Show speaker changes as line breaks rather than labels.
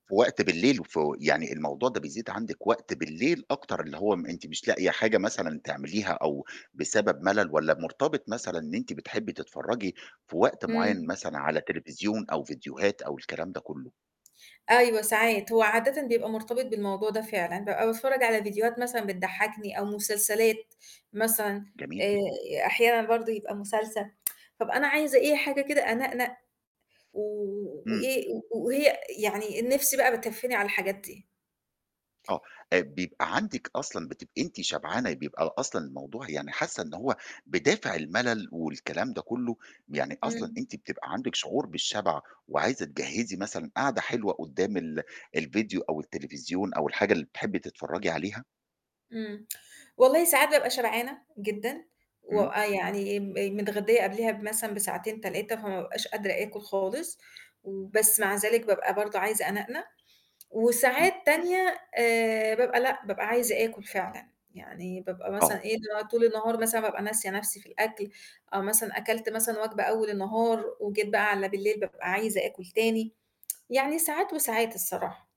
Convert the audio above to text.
في وقت بالليل وفي يعني الموضوع ده بيزيد عندِك وقت بالليل أكتر اللي هو م أنتِ مش لاقية حاجة مثلًا تعمليها أو بسبب مَلَل والّا مرتبط مثلًا إن أنتِ بتحبي تتفرجي في وقت معيّن
إمم.
مثلًا على تليفزيون أو فيديوهات أو الكلام ده كلّه؟
أيوه ساعات. هو عادةً بيبقى مرتبط بالموضوع ده فعلًا، بابقى باتفرج على فيديوهات مثلًا بتضحّكني أو مسلسلات مثلًا،
جميل.
آآ أحيانًا برضه يبقى مسلسل، فابقى أنا عايزة أي حاجة كده أنَقنَق و
إمم.
وإيه و وهي يعني النِفس بقى بتهفِّني على الحاجات دي.
آه. آآ بيبقى عندِك أصلًا بتبقي أنتِ شبعانة بيبقى ل أصلًا الموضوع يعني حاسة إن هو بدافع المَلَل والكلام ده كلّه، يعني أصلًا
إمم.
أنتِ بتبقي عندِك شعور بالشَبَع وعايزة تجهِّزي مثلًا قعدة حلوة قُدّام ال الفيديو أو التليفزيون أو الحاجة اللي بتحبي تتفرجي عليها؟
إمم. والله ساعات بابقى شبعانة جدًا و
إمم.
آآ يعني م متغدية قبليها ب مثلًا بساعتين، 3 فما أبقاش قادرة آكُل خالص و بس مع ذلك بابقى برضه عايزة أنَقنَق.
إمم.
وساعات تانية آآ بابقى لأ، بابقى عايزة آكُل فعلًا. يعني بابقى مثلًا
آه.
إيه، اللي هو طول النهار مثلًا بابقى ناسية نَفسي في الأكل أو مثلًا أكلت مثلًا وجبة أول النهار وجيت بقى على بالليل بابقى عايزة آكُل تاني، يعني ساعات وساعات الصراحة.